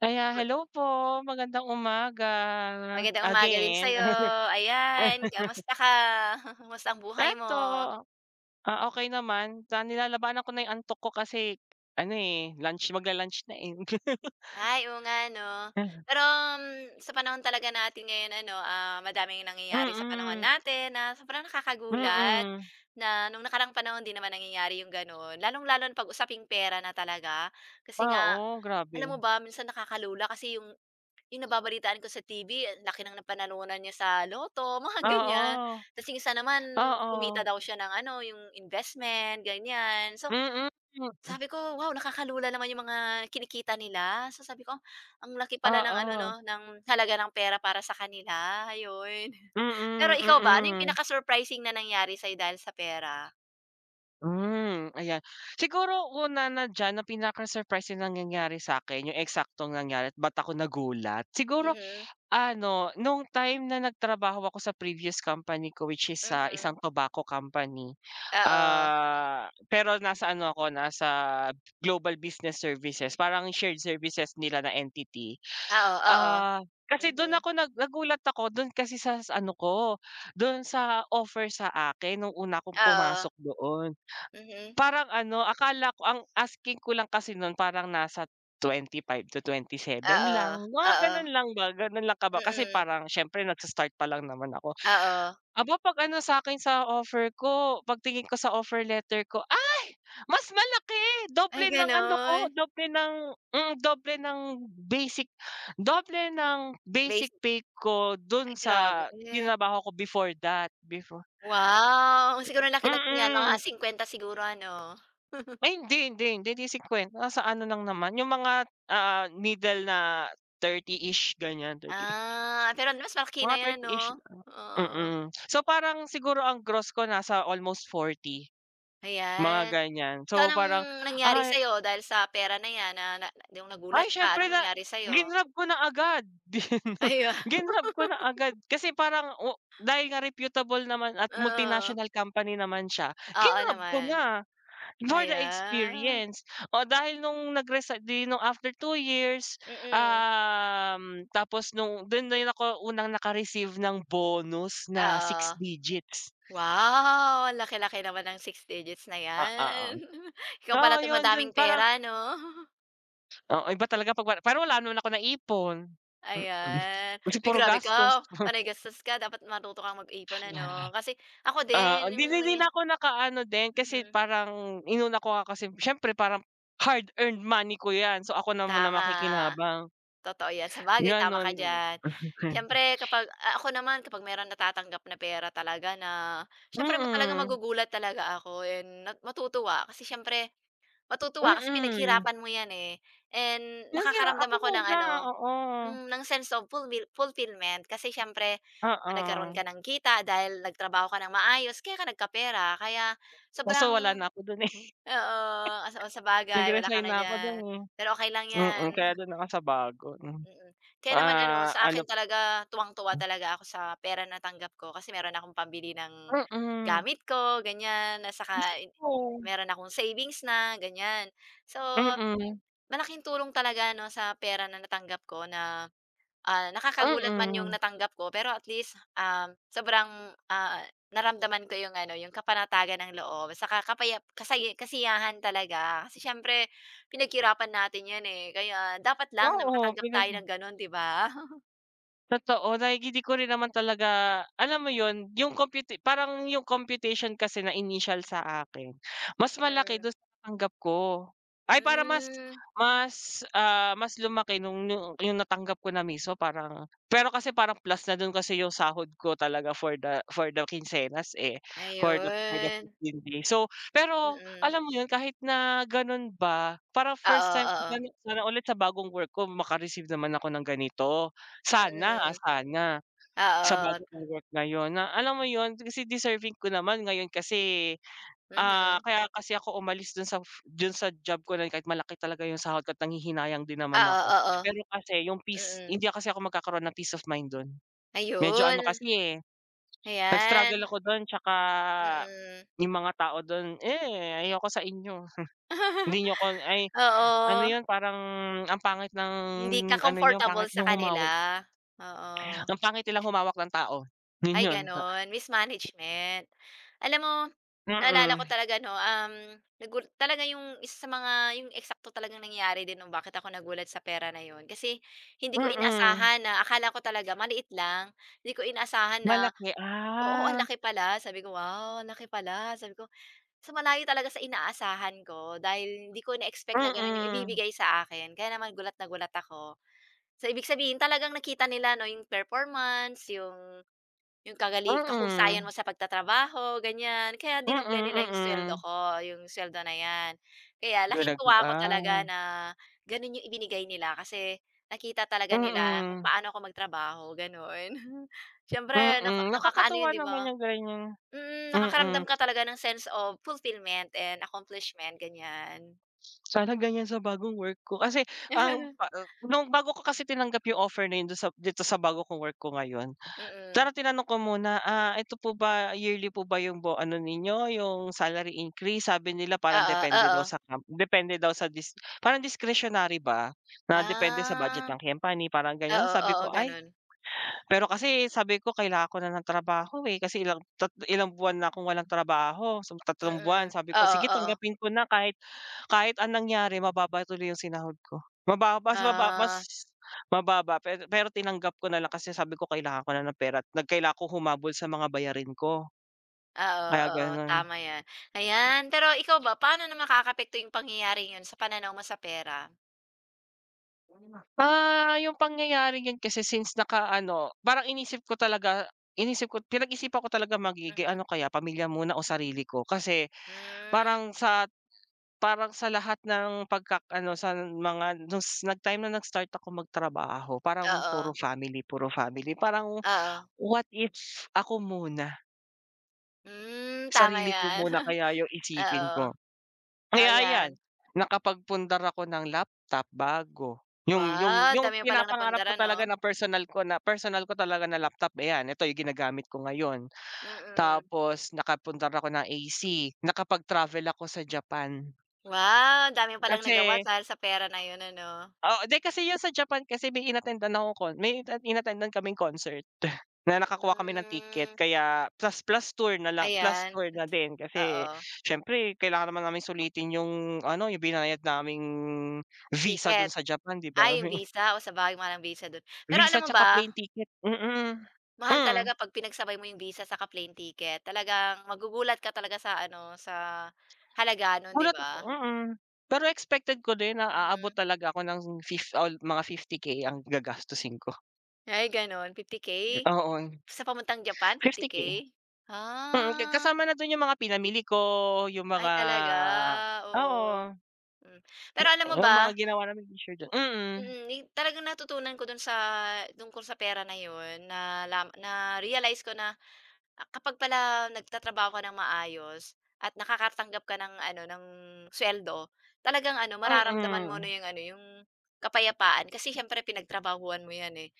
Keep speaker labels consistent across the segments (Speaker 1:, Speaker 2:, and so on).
Speaker 1: Aya
Speaker 2: Ma
Speaker 1: Hello po. Magandang umaga.
Speaker 2: magandang umaga din, sa
Speaker 1: Again.
Speaker 2: 'yo. Ayan, kumusta ka? Kumusta ang buhay
Speaker 1: Eto,
Speaker 2: mo?
Speaker 1: ah, okay naman ta nilalabanan ko na 'yong antok ko kasi, ano, eh, lunch magla-lunch na, eh.
Speaker 2: Ay, oo nga, ano.
Speaker 1: Uh-huh.
Speaker 2: Pero, m sa panahon talaga natin ngayon ano, ah, madaming nangyayari sa panahon
Speaker 1: Mm.
Speaker 2: natin na sobrang nakakagulat.
Speaker 1: Mm.
Speaker 2: Na no'ng nakaraang panahon hindi naman nangyayari 'yong gano'n, lalong-lalo na pag usaping pera na talaga. Kasi
Speaker 1: Ah,
Speaker 2: nga,
Speaker 1: o?
Speaker 2: alam mo
Speaker 1: Grabe!
Speaker 2: ba, minsan nakakalula kasi 'yong, 'yong nababalitaan ko sa TV ang laki ng napanalunan niya sa lotto, mga ganyan.
Speaker 1: Oo.
Speaker 2: Tapos, 'yong isa naman,
Speaker 1: Oo.
Speaker 2: kumita daw siya ng ano, 'yong investment, ganyan. So,
Speaker 1: Mm.
Speaker 2: sabi ko, "Wow, nakakalula naman 'yong mga kinikita nila." So, sabi ko, "Ang laki pala ng ano 'no,
Speaker 1: Oo.
Speaker 2: ng halaga ng pera para sa kanila," 'yon. Pero
Speaker 1: Mm,
Speaker 2: ikaw ba, ano 'yong
Speaker 1: mm.
Speaker 2: pinaka-surprising na nangyari sa 'yo dahil sa pera?
Speaker 1: Hmm, ayan. Siguro, una na diyan na pinaka-surprising na nangyari sa'kin, 'yong eksaktong nangyari ba't ako nagulat, siguro,
Speaker 2: Mm.
Speaker 1: ano no'ng time na nagtrabaho ako sa previous company ko which is sa
Speaker 2: Mhm.
Speaker 1: isang tobacco company,
Speaker 2: Oo.
Speaker 1: ah, pero nasa ano ako, nasa global business services, parang shared services nila na entity.
Speaker 2: Oo, oo.
Speaker 1: Ah, kasi do'n
Speaker 2: Mhm.
Speaker 1: ako nag nagulat ako, do'n kasi sa sa ano ko, do'n sa offer sa akin no'ng una akong
Speaker 2: Oo.
Speaker 1: pumasok doon.
Speaker 2: Mhm.
Speaker 1: Parang ano, akala ko ang asking ko lang kasi no'n parang nasa 25 to 27 lang,
Speaker 2: Oo,
Speaker 1: mga
Speaker 2: oo.
Speaker 1: gano'n lang ba, gano'n lang kaba kasi
Speaker 2: Mm.
Speaker 1: parang, siyempre nags-start pa lang naman ako.
Speaker 2: Oo.
Speaker 1: Aba, pag ano sakin sa offer ko, pagtingin ko sa offer letter ko "Ay! Mas malaki!"
Speaker 2: Ay,
Speaker 1: doble ng ano ko,
Speaker 2: gano'n?
Speaker 1: doble ng, hmm, doble ng basic doble ng basic
Speaker 2: Basi
Speaker 1: pay ko do'n
Speaker 2: Ay,
Speaker 1: sa
Speaker 2: grabe!
Speaker 1: tinrabaho ko before that, before.
Speaker 2: Wow! Siguro ang laki-laki niyan. Mga
Speaker 1: Mm.
Speaker 2: 50 siguro, ano?
Speaker 1: Ay hindi, hindi, hindi. Hindi 50, nasa ano lang naman, 'yong mga ah, middle na 30-ish ganyan, 30
Speaker 2: Ah. Pero, mas malaki
Speaker 1: Mga
Speaker 2: na 'yan
Speaker 1: 30-ish,
Speaker 2: 'no?
Speaker 1: o
Speaker 2: Oo.
Speaker 1: mm. So, parang siguro ang gross ko nasa almost 40, mga
Speaker 2: Ayan!
Speaker 1: ganyan.
Speaker 2: So,
Speaker 1: So,
Speaker 2: anong
Speaker 1: parang
Speaker 2: nangyari
Speaker 1: ay
Speaker 2: sa'yo dahil sa pera na 'yan, na na 'yong nagulat
Speaker 1: Ay,
Speaker 2: ka?
Speaker 1: syempre
Speaker 2: Anong
Speaker 1: na
Speaker 2: nangyari sa'yo?
Speaker 1: grinab ko na agad. 'Di 'no,
Speaker 2: Ay wow!
Speaker 1: grinab ko na agad, kasi parang o dahil nga reputable naman at
Speaker 2: Oo.
Speaker 1: multinational company naman siya,
Speaker 2: Oo
Speaker 1: grinab ko
Speaker 2: naman.
Speaker 1: na for the
Speaker 2: Ayan.
Speaker 1: experience. O, dahil no'ng nag-resign 'di no'ng after 2 years,
Speaker 2: Mm.
Speaker 1: um, tapos no'ng do'n din ako unang naka-receive ng bonus na 6
Speaker 2: Oo.
Speaker 1: digits.
Speaker 2: Wow! Ang laki-laki naman ng 6 digits na
Speaker 1: Ah,
Speaker 2: 'yan!
Speaker 1: oo.
Speaker 2: Ikaw
Speaker 1: Oo,
Speaker 2: pala 'tong
Speaker 1: 'yon do'n,
Speaker 2: madaming
Speaker 1: parang
Speaker 2: pera 'no?
Speaker 1: Oh, iba talaga ‘pag wala pero wala naman akong naipon. Mm,
Speaker 2: Ayan.
Speaker 1: kasi
Speaker 2: Uy,
Speaker 1: puro
Speaker 2: grabe
Speaker 1: gastos.
Speaker 2: ka,
Speaker 1: Uh-huh.
Speaker 2: panay gastos ka. Dapat matuto kang mag-ipon,
Speaker 1: 'Yan.
Speaker 2: ano? Kasi ako
Speaker 1: Ah,
Speaker 2: din,
Speaker 1: hindi
Speaker 2: yung
Speaker 1: ‘di ‘di din
Speaker 2: nangya
Speaker 1: ako nakaano din kasi
Speaker 2: Mhm.
Speaker 1: parang inuna ko nga kasim siyempre parang hard-earned money ko ‘yan. So, ako na muna
Speaker 2: Tama,
Speaker 1: makikinabang.
Speaker 2: totoo ‘yan. Sabagay tama
Speaker 1: Ganun
Speaker 2: ka
Speaker 1: m
Speaker 2: diyan.
Speaker 1: mhm ganto.
Speaker 2: Siyempre, kapag ah, ako naman. Kapag merong natatanggap na pera, talaga na siyempre ma talagang
Speaker 1: Mm.
Speaker 2: magugulat talaga ako, and nat matutuwa, kasi siyempre matutuwa kasi
Speaker 1: Mm.
Speaker 2: pinaghirapan mo ‘yan, eh, and
Speaker 1: Yung gi a
Speaker 2: nakakaramdam
Speaker 1: ako
Speaker 2: ako ng
Speaker 1: muna,
Speaker 2: ano,
Speaker 1: oo.
Speaker 2: hmm, ng sense of fulmil fulfillment. Kasi siyempre, nagkaroon
Speaker 1: Oo.
Speaker 2: ka ng kita dahil nagtrabaho ka ng maayos, kaya ka nagkapera. Kaya
Speaker 1: Kaso wala
Speaker 2: sobrang
Speaker 1: na ako dun, eh.
Speaker 2: oo, oh, saba sabagay wala ka
Speaker 1: Nag-resign
Speaker 2: na
Speaker 1: na ako dun,
Speaker 2: diyan,
Speaker 1: eh.
Speaker 2: pero okey lang
Speaker 1: Mm,
Speaker 2: yan.
Speaker 1: kaya dun ako sa bago, hmm,
Speaker 2: Mm, kaya naman ano,
Speaker 1: ah,
Speaker 2: sa akin
Speaker 1: ano p
Speaker 2: talaga, tuwang-tuwa
Speaker 1: Hmm.
Speaker 2: talaga ako sa pera natanggap ko. Kasi meron akong pambili ng
Speaker 1: Mm.
Speaker 2: gamit ko, ganyan, na saka
Speaker 1: Gusto
Speaker 2: en
Speaker 1: ko.
Speaker 2: meron akong savings na, ganyan. So,
Speaker 1: Mm.
Speaker 2: malaking tulong talaga, 'no? Sa pera na natanggap ko na, ah, nakakagulat man yung
Speaker 1: Mm.
Speaker 2: natanggap ko, pero at least, uhm, sobrang, ah, naramdaman ko yung, ano, yung kapanatagan ng loob saka kapayap kasaya kasiyahan talaga. Kasi siyempre, pinaghirapan natin ‘yan, eh, kaya dapat lang
Speaker 1: Wow,
Speaker 2: na
Speaker 1: oh,
Speaker 2: makatanggap tayo
Speaker 1: pinag.
Speaker 2: ng ganon, ‘di ba?
Speaker 1: Totoo like di ko rin naman talaga alam mo yun yung computi parang yung computation kasi na initial sa akin mas malaki
Speaker 2: Mm.
Speaker 1: dun sa natanggap ko. Ay parang mas
Speaker 2: Hmm.
Speaker 1: mas, ah, mas lumaki nung yu yung natanggap ko na mismo parang pero kasi parang plus na dun kasi yung sahod ko talaga for the for the kinsenas, eh, for the for the
Speaker 2: Ayun
Speaker 1: 15 days. So, pero
Speaker 2: Mm.
Speaker 1: alam mo yun, kahit na ganon ba parang
Speaker 2: Oo,
Speaker 1: first time
Speaker 2: oo.
Speaker 1: [unintelligible] sana ulit sa bagong work ko maka-receive naman ako ng ganito, sana, ah,
Speaker 2: Mm,
Speaker 1: sana sa bago
Speaker 2: oo.
Speaker 1: kong work ngayon na alam mo yun kasi deserving ko naman. Ngayon kasi, ah,
Speaker 2: Mhm.
Speaker 1: kaya kasi ako umalis dun sa dun sa job ko na yun kahit malaki talaga yung sahod ko't nanghihinayang din naman
Speaker 2: Oo,
Speaker 1: ako,
Speaker 2: oo.
Speaker 1: pero kasi yung peace
Speaker 2: Mm.
Speaker 1: hindi kasi ako magkakaroon ng peace of mind dun. Medyo ano
Speaker 2: Ayun.
Speaker 1: kasi, eh, nag-struggle
Speaker 2: Ayan.
Speaker 1: ako dun' tsaka
Speaker 2: Mm.
Speaker 1: yung mga tao dun, eh, ayoko sa inyo. Hindi niyo ko ay ano
Speaker 2: Oo.
Speaker 1: 'yun parang ang pangit ng
Speaker 2: Hindi ka
Speaker 1: ano niyo,
Speaker 2: comfortable
Speaker 1: pangit
Speaker 2: sa
Speaker 1: niyong humawi.
Speaker 2: kanila, oo.
Speaker 1: Ang pangit nilang humawak ng tao, yun
Speaker 2: Ay
Speaker 1: 'yon.
Speaker 2: gano'n, mismanagement. Alam mo naalala ko
Speaker 1: Mm.
Speaker 2: talaga ano, um, nagu talaga 'yong isa mga 'yong eksakto talagang nangyayari din 'no bakit ako nagulat sa pera na 'yon kasi hindi ko
Speaker 1: Mm.
Speaker 2: inaasahan na akala ko talaga maliit lang. Hindi ko inaasahan na
Speaker 1: Malaki,
Speaker 2: oo, ang
Speaker 1: ah.
Speaker 2: laki pala. Sabi ko, "Wow ang laki pala," sabi ko. So, malayo talaga sa inaasahan ko dahil hindi ko na-expect na gano'n 'yong
Speaker 1: Mm.
Speaker 2: ibibigay sa akin kaya naman gulat na gulat ako. So, ibig sabihin talagang nakita nila ano 'yong performance, yung yung kagali kahusayan mo
Speaker 1: Mm.
Speaker 2: sa pagtatrabaho ganyan kaya
Speaker 1: Mm,
Speaker 2: dinoble nila 'yong suweldo
Speaker 1: mm.
Speaker 2: ko yung suweldo na 'yan. Kaya
Speaker 1: Dun
Speaker 2: laking
Speaker 1: nag
Speaker 2: tuwa ko talaga
Speaker 1: ah.
Speaker 2: na ganun yung ibinigay nila kasi nakita talaga nila kung
Speaker 1: Mm.
Speaker 2: paano ako magtrabaho ganun. Siyempre naka
Speaker 1: Mm,
Speaker 2: nakakaano 'yon
Speaker 1: nakakatuwa
Speaker 2: 'di
Speaker 1: naman
Speaker 2: ba?
Speaker 1: yung ganyang
Speaker 2: Mm, nakakaramdam
Speaker 1: mm.
Speaker 2: ka talaga ng sense of fulfillment and accomplishment, ganyan.
Speaker 1: Sana ganyan sa bagong work ko kasi ang pa ah, nung bago ko kasi tinanggap yung offer na yun dun sa dito sa bago kong work ko ngayon,
Speaker 2: Mm.
Speaker 1: sana tinanong ko muna, ah, "Eto po ba yearly po ba yung bo ano ninyo yung salary increase?" Sabi nila parang
Speaker 2: Oo,
Speaker 1: depende daw
Speaker 2: oo.
Speaker 1: sa com depende daw sa dis parang discretionary ba, na depende sa budget
Speaker 2: Ah.
Speaker 1: ng company parang ganyan.
Speaker 2: Oo,
Speaker 1: Tapos sabi
Speaker 2: oo
Speaker 1: ko ay,
Speaker 2: ganun.
Speaker 1: pero kasi sabi ko, "Kailangan ko na ng trabaho, eh, kasi ilang tat ilang buwan na akong walang trabaho," so tatlong buwan.
Speaker 2: Mm,
Speaker 1: Sabi ko,
Speaker 2: oo,
Speaker 1: "Sige
Speaker 2: oo.
Speaker 1: tanggapin ko na," kahit kahit ang nangyari mababa tuloy yung sinahod ko. Mababa mas mababa mas
Speaker 2: Ah.
Speaker 1: mababa, pero pero tinanggap ko na lang kasi sabi ko kailangan ko na ng pera at nag kailangan ko humabol sa mga bayarin ko.
Speaker 2: Ah, oo,
Speaker 1: Kaya
Speaker 2: oo,
Speaker 1: ganun.
Speaker 2: tama 'yan. Ayan, pero ikaw ba paano naman makakaapekto yung pangyayari yun sa pananaw mo sa pera?
Speaker 1: Ah, yung pangyayaring yun kasi since naka-ano parang inisip ko talaga, inisip ko, pinag-isipan ko talaga maigi, ano
Speaker 2: Mhm.
Speaker 1: kaya pamilya muna o sarili ko. Kasi
Speaker 2: Hmm.
Speaker 1: parang sa parang sa lahat ng pagkak ano sa mga dun s nag-time na nag-start akong magtrabaho parang
Speaker 2: Oo.
Speaker 1: puro family, puro family parang,
Speaker 2: Oo.
Speaker 1: what if ako muna.
Speaker 2: Hmm, tama
Speaker 1: Sarili ko
Speaker 2: yan.
Speaker 1: muna kaya yung isipin
Speaker 2: Oo.
Speaker 1: ko. Kaya ayan,
Speaker 2: Ayan.
Speaker 1: nakapagpundar ako ng laptop, bago yung yung
Speaker 2: Wow,
Speaker 1: yung
Speaker 2: dami mo palang
Speaker 1: pinapangarap
Speaker 2: napundar
Speaker 1: ko talaga
Speaker 2: ano?
Speaker 1: na personal ko na personal ko talaga na laptop ayan, ito yung ginagamit ko ngayon.
Speaker 2: Mm.
Speaker 1: Tapos nakapundar ako ng AC, nakapag-travel ako sa Japan.
Speaker 2: Wow, ang dami mo palang nagawa
Speaker 1: Kasi
Speaker 2: dahil sa pera na yun, ano.
Speaker 1: Oo di, kasi yun sa Japan kasi may inattendan akong con may inattendan kaming concert na nakakuha kami ng ticket
Speaker 2: Hmm.
Speaker 1: kaya plus plus tour na lang. Plus
Speaker 2: Ayan,
Speaker 1: tour na din kasi
Speaker 2: oo.
Speaker 1: syempre kailangan naman naming sulitin yung, ano yung binayad naming visa dun
Speaker 2: Ticket.
Speaker 1: sa Japan, di ba?
Speaker 2: Ay, yung visa, oh, sa bagay mahal ang visa dun, pero
Speaker 1: Visa
Speaker 2: alam mo
Speaker 1: tsaka
Speaker 2: ba?
Speaker 1: plane ticket, mm.
Speaker 2: Mahal
Speaker 1: Hmm.
Speaker 2: talaga 'pag pinagsabay mo yung visa saka plane ticket. Talagang magugulat ka talaga sa ano, sa halaga nun, di
Speaker 1: Gulat ako
Speaker 2: ba?
Speaker 1: mm. Pero expected ko din na aabot
Speaker 2: Mhm.
Speaker 1: talaga ako ng fif al 50K ang gagastusin ko.
Speaker 2: Ay gano'n 50k.
Speaker 1: Oo.
Speaker 2: Sa papuntang Japan fifty
Speaker 1: fifty
Speaker 2: k?
Speaker 1: k. Mm, ka
Speaker 2: Ah.
Speaker 1: kasama na do'n yung mga pinamili ko, yung
Speaker 2: Ay,
Speaker 1: mga
Speaker 2: talaga.
Speaker 1: oo.
Speaker 2: Oo, hmm, pero
Speaker 1: Yi
Speaker 2: alam mo
Speaker 1: yung mga
Speaker 2: ba?
Speaker 1: ginawa naming is sure dya mm.
Speaker 2: Mm, ni talagang natutunan ko do'n sa tungkol sa pera na 'yon, na la na-realized ko na, ah, kapag pala nagtatrabaho ka ng maayos at nakakatanggap ka ng ano ng suweldo, talagang ano mararamdaman mo na
Speaker 1: Mm.
Speaker 2: 'yong ano, 'yong kapayapaan kasi siyempre pinagtrabahuhan mo yan, eh,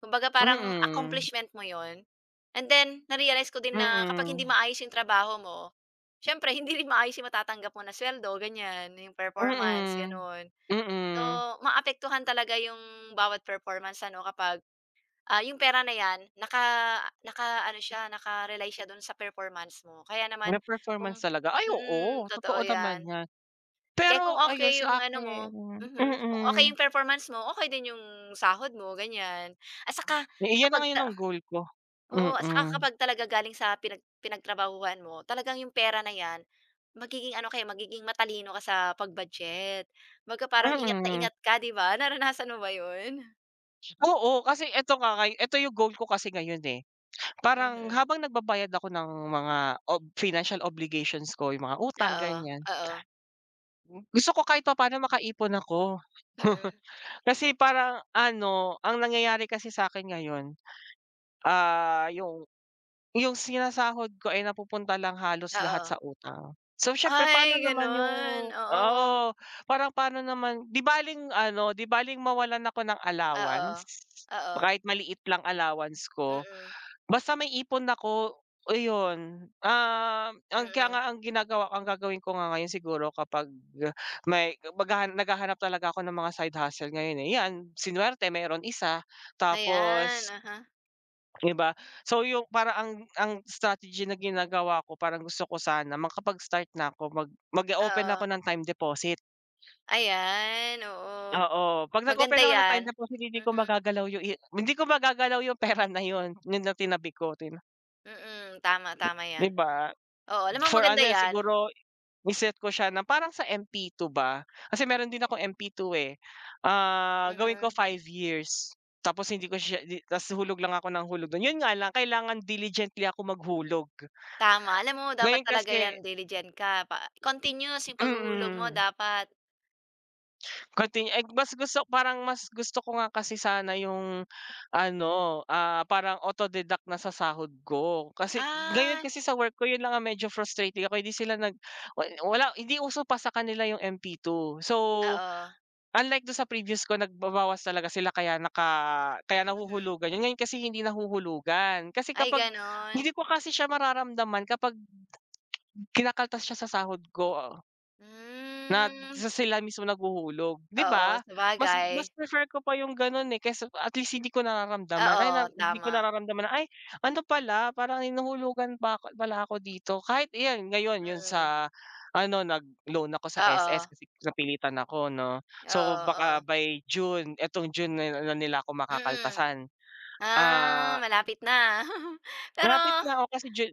Speaker 2: kumbaga parang
Speaker 1: Mhm.
Speaker 2: accomplishment mo 'yon, and then na-realized ko din na kapag hindi
Speaker 1: Mm.
Speaker 2: maayos 'yong trabaho mo, siyempre hindi rin maayos yung matatanggap mo na suweldo ganyan, 'yong performance
Speaker 1: Mm.
Speaker 2: gano'n. So,
Speaker 1: Mm.
Speaker 2: maapektuhan talaga 'yong bawat performance ano kapag, ah, 'yong pera na 'yan naka naka-ano siya naka-rely siya do'n sa performance mo kaya naman
Speaker 1: Na
Speaker 2: kung
Speaker 1: performance talaga. Ay oo!
Speaker 2: mm, totoo
Speaker 1: Totoo naman
Speaker 2: 'yan.
Speaker 1: yan.
Speaker 2: Kaya kung
Speaker 1: Pero, ayun
Speaker 2: okey yung
Speaker 1: sa
Speaker 2: ano mo,
Speaker 1: akin
Speaker 2: mhm, kung okay
Speaker 1: mm.
Speaker 2: yung performance mo okey din yung sahod mo ganyan, at saka
Speaker 1: Eh, iyan na
Speaker 2: kapag
Speaker 1: ngayon
Speaker 2: sa
Speaker 1: ang goal ko.
Speaker 2: oo, at saka
Speaker 1: Mm.
Speaker 2: kapag talaga galing sa pinag pinagtrabahuhan mo talagang yung pera na yan, magiging ano kaya magiging matalino ka sa pag-budget, kumbaga parang ingat na
Speaker 1: Mm.
Speaker 2: ingat ka 'di ba, naranasan mo ba 'yon?
Speaker 1: Oo, kasi ito ka kay, ito yung goal ko kasi ngayon, eh. Parang
Speaker 2: Mhm.
Speaker 1: habang nagbabayad ako ng mga ob financial obligations ko. Yung mga utang,
Speaker 2: Oo.
Speaker 1: ganyan.
Speaker 2: Oo.
Speaker 1: Hmm, gusto ko kahit papaano makaipon ako.
Speaker 2: Mm.
Speaker 1: Kasi parang ano, ang nangyayari kasi sakin ngayon. Ah, yung yung sinasahod ko, ay napupunta lang halos lahat
Speaker 2: Oo.
Speaker 1: sa utang. So syempre paano
Speaker 2: Ay,
Speaker 1: naman yung
Speaker 2: ganun.
Speaker 1: oo.
Speaker 2: Oo.
Speaker 1: Parang paano naman. 'Di baleng ano, 'di baleng mawalan ako ng
Speaker 2: Oo.
Speaker 1: allowance.
Speaker 2: Oo.
Speaker 1: Kahit maliit lang allowance ko,
Speaker 2: Mm.
Speaker 1: basta may ipon ako. Iyon, uhm, ang kaya
Speaker 2: Mm.
Speaker 1: nga ang ginagawa ang gagawin ko nga ngayon siguro kapag may maghaha naghahanap talaga ako ng mga side hustle ngayon, eh. Yan swinerte merong isa,
Speaker 2: Ayan,
Speaker 1: tapos
Speaker 2: aha.
Speaker 1: 'di ba? So, yung parang ang ang strategy na ginagawa ko, parang gusto ko sana makapag start na ko mag mag o-open ako
Speaker 2: Oo.
Speaker 1: ng time deposit.
Speaker 2: Ayan, oo.
Speaker 1: Oo. Pag nag-open
Speaker 2: Maganda
Speaker 1: ako ng time
Speaker 2: yan.
Speaker 1: deposit hindi ko
Speaker 2: Mhm.
Speaker 1: magagalaw yung i hindi ko magagalaw yung pera na yun. Yun lang tinabi ko tin
Speaker 2: Mm. Tama, tama
Speaker 1: Di
Speaker 2: 'yan.
Speaker 1: ba?
Speaker 2: Oo. Alam mo
Speaker 1: For
Speaker 2: maganda
Speaker 1: ano yun
Speaker 2: 'yan.
Speaker 1: siguro i-set ko siya na parang sa MP2 ba? Kasi meron din akong MP2 eh, ah, gawin ko
Speaker 2: Mhm.
Speaker 1: 5 years, tapos hindi ko siya, di tas hulog lang ako ng hulog dun, yun nga lang kailangan diligently ako maghulog.
Speaker 2: Tama. Alam mo dapat
Speaker 1: Ngayon
Speaker 2: talaga
Speaker 1: kasi
Speaker 2: yan diligent ka, pa continuous yung paghuhulog mo
Speaker 1: Mm.
Speaker 2: dapat.
Speaker 1: Continue eh, mas gusto parang mas gusto ko nga kasi sana yung ano, ah, parang auto deduct na sa sahod ko, kasi ngayon
Speaker 2: Ah.
Speaker 1: kasi sa work ko 'yon lang yung medyo frustrating ako hindi sila, nag wa wala hindi uso pa sa kanila yung MP2 So,
Speaker 2: Oo.
Speaker 1: unlike do'n sa previous ko nagbabawas talaga sila, kaya naka kaya
Speaker 2: Mhm.
Speaker 1: nahuhulugan 'yon. Ngayon kasi hindi nahuhulugan. Kasi
Speaker 2: Ay,
Speaker 1: kapag
Speaker 2: gano'n.
Speaker 1: hindi ko kasi siya mararamdaman kapag kinakaltas siya sa sahod ko. Nag
Speaker 2: Hmm.
Speaker 1: sa sila mismo naghuhulog di
Speaker 2: Oo,
Speaker 1: ba? Mas mas
Speaker 2: sabagay.
Speaker 1: prefer ko pa yung gano'n, eh, kaysa at least hindi ko nararamdaman, ay na
Speaker 2: Oo,
Speaker 1: hindi ko
Speaker 2: tama.
Speaker 1: nararamdaman, ay! Ano pala parang hinuhulugan pa pala ako dito kahit iyan ngayon 'yon
Speaker 2: Mm.
Speaker 1: sa ano nagloan ako sa SS
Speaker 2: Oo.
Speaker 1: kasi napilitan ako 'no, so
Speaker 2: Oo,
Speaker 1: baka
Speaker 2: oo.
Speaker 1: by June itong June na nila ako
Speaker 2: Mm.
Speaker 1: makakaltasan.
Speaker 2: Ah,
Speaker 1: Ah,
Speaker 2: malapit na. Pero
Speaker 1: malapit na ako kasi ju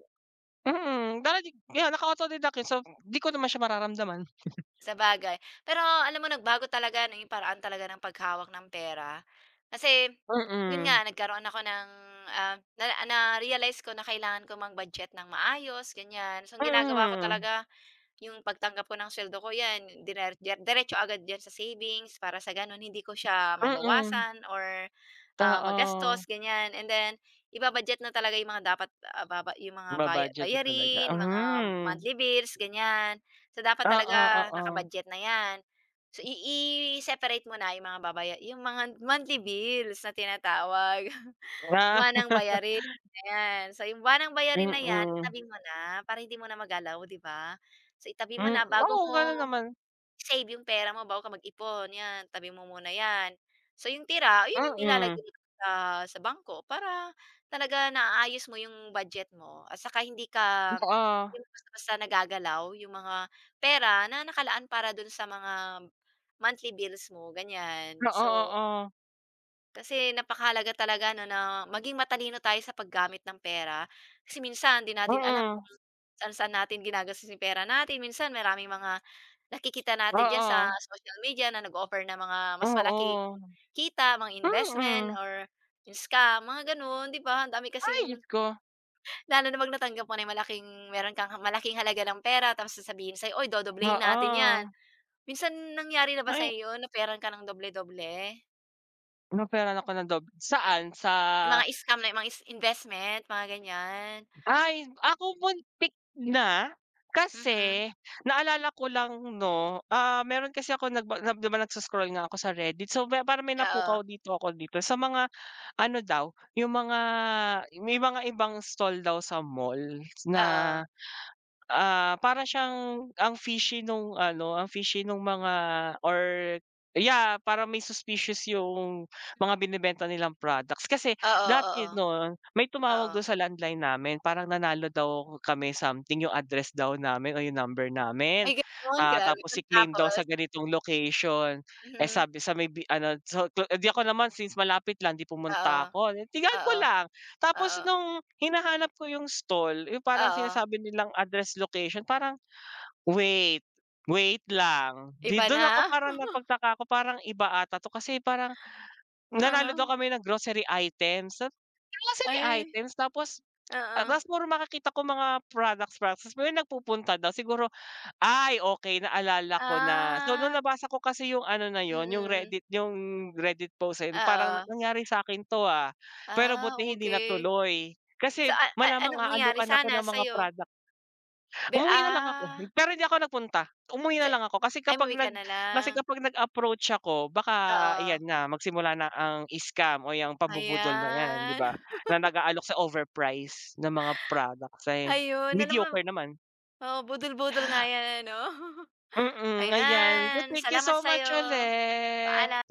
Speaker 1: mm, dahil di kaya, naka autodeduct yan so, di ko naman siya mararamdaman.
Speaker 2: Sabagay. Pero alam mo nagbago talaga no 'yong paraan talaga ng paghawak ng pera. Kasi 'yon
Speaker 1: Mm.
Speaker 2: nga nagkaroon ako ng, ah, na na-realized ko na kailangan ko mag-budget ng maayos ganyan, so ang ginagawa ko
Speaker 1: Mm.
Speaker 2: talaga yung pagtanggap ko ng suweldo ko yan diner deretso agad sa savings para sa gano'n hindi ko siya
Speaker 1: Mm.
Speaker 2: mabawasan or, ah, magastos
Speaker 1: Oo.
Speaker 2: ganyan and then i-ba-budget na talaga yung mga dapat baba yung mga baya
Speaker 1: Ba-budget na talaga.
Speaker 2: bayarin, mga
Speaker 1: Mhm.
Speaker 2: monthly bills ganyan. So, dapat
Speaker 1: Oo,
Speaker 2: talaga
Speaker 1: oo.
Speaker 2: naka-budget na yan so, i i-separate mo na yung mga babaya yung mga monthly bills na tinatawag.
Speaker 1: Wala.
Speaker 2: Buwanang bayarin na yan. So 'yong buwanang bayarin na yan
Speaker 1: Mm.
Speaker 2: itabi mo na, para hindi mo na magalaw, 'di ba? So, itabi mo
Speaker 1: Hmm,
Speaker 2: na, bago
Speaker 1: oo
Speaker 2: mo
Speaker 1: gano'n naman.
Speaker 2: i-save yung pera mo, bago ka mag-ipon yan tabi mo muna yan. S o yung tira 'yon yung ilalagay
Speaker 1: Mm.
Speaker 2: mo sa, sa bangko, para talaga naaayos mo yung budget mo, at saka hindi
Speaker 1: Hmm,
Speaker 2: ka,
Speaker 1: so oh.
Speaker 2: hindi basta-basta nagagalaw yung mga pera na nakalaan para do'n sa mga monthly bills mo, ganyan.
Speaker 1: Oo,
Speaker 2: So
Speaker 1: oo.
Speaker 2: Kasi napakahalaga talaga ‘no na maging matalino tayo sa paggamit ng pera, kasi minsan ‘di natin alam kung
Speaker 1: Mm.
Speaker 2: saan-saan natin ginagastos yung pera natin. Minsan maraming mga nakikita natin diyan sa
Speaker 1: Oo.
Speaker 2: social media na nag-offer ng mga mas malaking
Speaker 1: Oo.
Speaker 2: kita, mga investment,
Speaker 1: Mm.
Speaker 2: or yung scam. Mga gano’n, ‘di ba, ang dami
Speaker 1: Ay, Diyos
Speaker 2: kasing
Speaker 1: ko.
Speaker 2: Lalo na ‘pag natanggap mo na malaking meron kang malaking halaga ng pera tapos sasabihin sa'yo, "Oy dodoblehin natin yan."
Speaker 1: Oo.
Speaker 2: Minsan nangyari na ba
Speaker 1: Ay!
Speaker 2: sa'yo ‘yon, offeran ka ng doble-doble?
Speaker 1: In-offeran ako ng dob saan? Sa
Speaker 2: Yung mga scam na mga is investment, mga ganyan.
Speaker 1: Ay, ako muntik na
Speaker 2: Mhm.
Speaker 1: kasi naalala ko lang ‘no, ah, meron kasi ako nagba ‘di ba nagso-scroll nga ako sa Reddit. So ba parang may
Speaker 2: Oo.
Speaker 1: napukaw dito ako dito sa mga ano daw, yung mga may mga ibang stall daw sa mall na,
Speaker 2: Oo.
Speaker 1: ah, para siyang, ang fishy nung ano ang fishy nung mga or yeah, parang may suspicious yung mga binebenta nilang products. Kasi
Speaker 2: Oo,
Speaker 1: dati
Speaker 2: oo.
Speaker 1: ‘no, may tumawag dun
Speaker 2: Oo.
Speaker 1: sa landline namin. Parang nanalo daw kami something, yung address daw namin, o yung number namin.
Speaker 2: Ay, ganun.
Speaker 1: Ah,
Speaker 2: Grabe,
Speaker 1: tapos i-claim daw sa
Speaker 2: tapos?
Speaker 1: ganitong location. Eh
Speaker 2: Mhm.
Speaker 1: sabi sa may bi ano sa do eh, ‘di ako naman since malapit lang ‘di
Speaker 2: Oo.
Speaker 1: pumunta ako. Tingnan ko
Speaker 2: Oo.
Speaker 1: lang, tapos
Speaker 2: Oo.
Speaker 1: nung hinahanap ko yung stall yung parang
Speaker 2: Oo.
Speaker 1: sinasabi nilang address location parang, wait, wait lang ‘di
Speaker 2: Iba
Speaker 1: dun ako
Speaker 2: na.
Speaker 1: parang napagtaka ko. Parang iba ata ‘to kasi parang, nanalo daw
Speaker 2: Uh-huh.
Speaker 1: kami ng grocery items sa grocery
Speaker 2: Ay,
Speaker 1: items? Tapos
Speaker 2: oh.
Speaker 1: tapos puro makakita kong mga products products pero nagpupunta daw siguro, ay okey naalala ko na. So nung
Speaker 2: Ah.
Speaker 1: nabasa ko kasi yung ano na yun, yung
Speaker 2: Mm.
Speaker 1: Reddit yung Reddit post ayun, parang
Speaker 2: Oo.
Speaker 1: nangyari sa'kin ‘to, ah. Pero
Speaker 2: Ah,
Speaker 1: buti hindi
Speaker 2: okey.
Speaker 1: natuloy. Kasi
Speaker 2: Sa a a
Speaker 1: malamang
Speaker 2: anong mangyari
Speaker 1: aalukan ako ng
Speaker 2: sana
Speaker 1: mga
Speaker 2: sa'yo?
Speaker 1: product.
Speaker 2: Be
Speaker 1: Umuwi nalang ako
Speaker 2: ah.
Speaker 1: pero hindi ako napunta. Umuwi
Speaker 2: Si
Speaker 1: nalang ako kasi
Speaker 2: ay
Speaker 1: kapag
Speaker 2: umuwi ka
Speaker 1: nag
Speaker 2: na
Speaker 1: kasi
Speaker 2: lang.
Speaker 1: kapag nag-approach ako, baka
Speaker 2: Oo.
Speaker 1: iyan na magsimula na ang scam o ‘yang pabubudol na yan, ‘di
Speaker 2: Ayan.
Speaker 1: ba, na nag-aalok sa overprice ng mga product, eh,
Speaker 2: Ayun, alam mo
Speaker 1: mediocre naman.
Speaker 2: oo, budol-budol nga ‘yan ano.
Speaker 1: Mm, ayan. Te
Speaker 2: Ayan,
Speaker 1: thank you
Speaker 2: salamat
Speaker 1: so
Speaker 2: sa'yo.
Speaker 1: much ulit.
Speaker 2: Paalam.